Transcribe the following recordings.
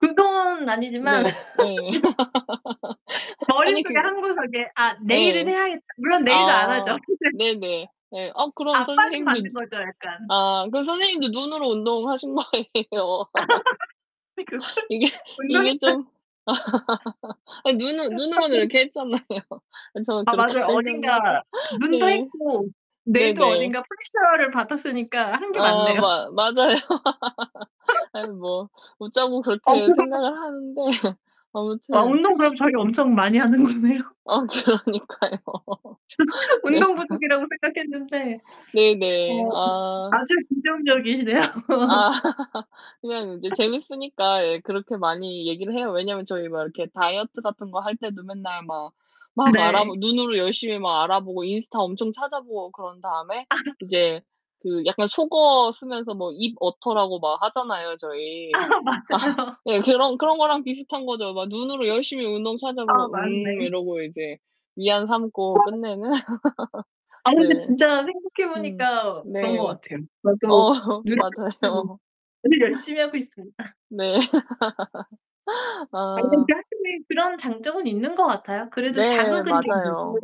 그건 아니지만 네. 예. 지금 아니 그 머리속에 한 구석에 '아 내일은 예. 해야겠' 물론 내일도 안 하죠. 아 네네. 네. 아 그럼 압박은 받는 선생님도 거죠, 약간. 아 그럼 선생님도 눈으로 운동하신 거 아니예요. 그러고 이게 이게 운동했다. 좀 아 눈은 눈으로는 이렇게 했잖아요. 저는 아 그렇게 맞아요. 생각나서. 어딘가 눈도 네. 했고 뇌도 네네. 어딘가 프레셔를 받았으니까 한 게 아. 맞네요. 마 맞아요. 아니 뭐 웃자고 아 그렇게 그럼요. 생각을 하는데 어 아무튼 운동 그럼 저희 엄청 많이 하는 거네요. 아 그러니까요. 저는 네. 운동 부족이라고 생각했는데 네네. 어 아. 아주 긍정적이시네요. 아 그냥 이제 재밌으니까 예 그렇게 많이 얘기를 해요. 왜냐면 저희 막 이렇게 다이어트 같은 거 할 때도 맨날 막 막 알아보 네. 눈으로 열심히 막 알아보고 인스타 엄청 찾아 보고 그런 다음에 아. 이제 그 약간 속어 쓰면서 뭐 입 어터라고 막 하잖아요, 아 저희. 맞아요. 예 그런 그런 거랑 비슷한 거죠. 막 눈으로 열심히 운동 아 찾아보고 '음.' 맞네. 이러고 이제 위안 삼고 [unintelligible] 끝내는. 아 근데 네. 진짜 생각해 음. 보니까 그런 것 네. 같아요. 저도 어 노력해 [unintelligible] 맞아요. 아주 열심히 하고 있습니다. 네. 아 근데 아. 확실히 그런 장점은 있는 것 같아요. 그래도 네 자극은 좀 되고 맞아요.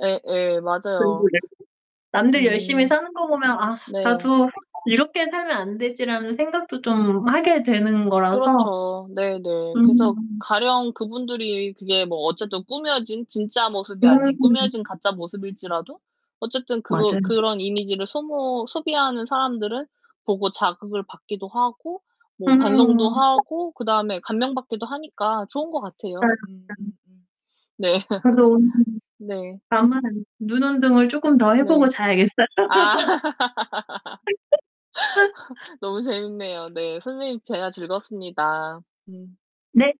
예예. 맞아요. [unintelligible] 남들 열심히 음. 사는 거 보면 '아 네. 나도 이렇게 살면 안 되지.'라는 생각도 좀 하게 음 되는 거라서. 그렇죠. 네네. 그래서 음. 가령 그분들이 그게 뭐 어쨌든 꾸며진 진짜 모습이 아닌 음. 꾸며진 가짜 모습일지라도 어쨌든 그거 맞아요. 그런 이미지를 소모 소비하는 사람들을 보고 자극을 받기도 하고 뭐 반성도 음. [unintelligible] 하고 그다음에 감명받기도 하니까 좋은 것 같아요. 맞아요, 맞아요. 음음음. 네. 그래서 오늘은 [unintelligible] 네. 눈 운동을 쪼금 더 해 보고 네. 자야겠어요. 아 너무 재밌네요. 네 선생님 대화 즐거웠습니다. 음. 네.